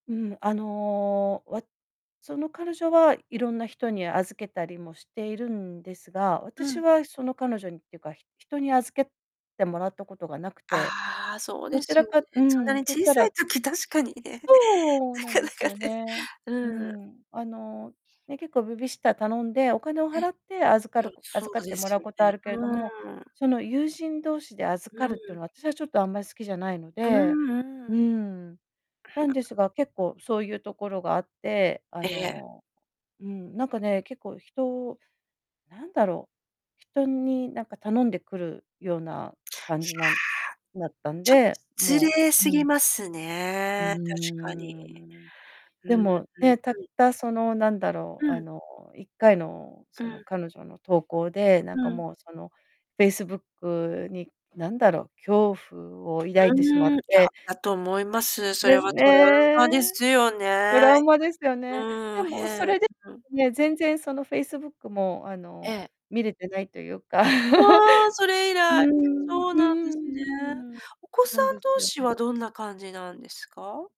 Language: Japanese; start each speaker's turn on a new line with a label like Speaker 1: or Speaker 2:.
Speaker 1: うん。あの、わその彼女はいろんな人に預けたりもしているんですが、
Speaker 2: う
Speaker 1: 私
Speaker 2: ん。
Speaker 1: はその彼女にっていうか、ひ人に預けてもらったことがなくて、
Speaker 2: ああ、そう
Speaker 1: ど
Speaker 2: で
Speaker 1: ち
Speaker 2: すよ
Speaker 1: らかう
Speaker 2: ね。そんな
Speaker 1: ん、
Speaker 2: に
Speaker 1: といっ
Speaker 2: 小
Speaker 1: た
Speaker 2: さい
Speaker 1: ら
Speaker 2: 時確かにね。
Speaker 1: そう！
Speaker 2: な
Speaker 1: なん
Speaker 2: か
Speaker 1: で
Speaker 2: な
Speaker 1: す
Speaker 2: かね、
Speaker 1: よね。
Speaker 2: う
Speaker 1: う
Speaker 2: ん。
Speaker 1: ん。あの、ね、結構ベビーシッター頼んでお金を
Speaker 2: え。い
Speaker 1: 払って預か
Speaker 2: や、
Speaker 1: るこ
Speaker 2: そ
Speaker 1: 預か
Speaker 2: う
Speaker 1: って
Speaker 2: で
Speaker 1: も
Speaker 2: す
Speaker 1: らう
Speaker 2: よ
Speaker 1: こと
Speaker 2: ね。
Speaker 1: あるけれども、
Speaker 2: うーん。
Speaker 1: その、友人同士で預
Speaker 2: う
Speaker 1: かるって
Speaker 2: ん。
Speaker 1: の、私はちょっと、あんま、好きじゃないの
Speaker 2: うー
Speaker 1: で、
Speaker 2: ん
Speaker 1: う
Speaker 2: う
Speaker 1: ー
Speaker 2: ーん。
Speaker 1: ん。なんですが、結構そういうところがあって、あ
Speaker 2: ええ。
Speaker 1: の、うん、なんかね、結構、人なんだろう、人になんか頼んでくるような
Speaker 2: い
Speaker 1: 感
Speaker 2: や。
Speaker 1: じなんだったん
Speaker 2: ちょっ
Speaker 1: で、
Speaker 2: 失
Speaker 1: も
Speaker 2: 礼す
Speaker 1: うう
Speaker 2: ぎ
Speaker 1: ん。
Speaker 2: ます
Speaker 1: うー
Speaker 2: ね、確かに。
Speaker 1: ん。
Speaker 2: うん、
Speaker 1: で
Speaker 2: う
Speaker 1: も、
Speaker 2: ん、は
Speaker 1: ね、たっ
Speaker 2: い。
Speaker 1: たその、なんだろ
Speaker 2: う
Speaker 1: う、あ
Speaker 2: ん。
Speaker 1: の、1回の、
Speaker 2: う
Speaker 1: その、
Speaker 2: ん。
Speaker 1: 彼女の投稿で、なん
Speaker 2: う
Speaker 1: か
Speaker 2: ん。
Speaker 1: もう、その、Facebook に、なんだろう、恐怖を抱いてしまっ
Speaker 2: うーん、いや、
Speaker 1: て
Speaker 2: だと思います。そ
Speaker 1: で
Speaker 2: れ
Speaker 1: す
Speaker 2: はトラウマで
Speaker 1: ね。
Speaker 2: すよ
Speaker 1: ト
Speaker 2: ね。
Speaker 1: ラウマですよ
Speaker 2: う
Speaker 1: ね。
Speaker 2: ー
Speaker 1: で
Speaker 2: ん、へ
Speaker 1: もそ
Speaker 2: え。
Speaker 1: れで
Speaker 2: うん。
Speaker 1: ね、全然、その、Facebook も、あ
Speaker 2: え
Speaker 1: の、
Speaker 2: え。
Speaker 1: 見れてないというか。
Speaker 2: わあ！そ れ以
Speaker 1: うー
Speaker 2: 来
Speaker 1: ん。う
Speaker 2: そう
Speaker 1: ー
Speaker 2: なんですね。
Speaker 1: ん、
Speaker 2: お子
Speaker 1: な
Speaker 2: さ
Speaker 1: ん
Speaker 2: ん
Speaker 1: です
Speaker 2: 同
Speaker 1: よ
Speaker 2: 士
Speaker 1: ね。
Speaker 2: はどんな感じなんですか？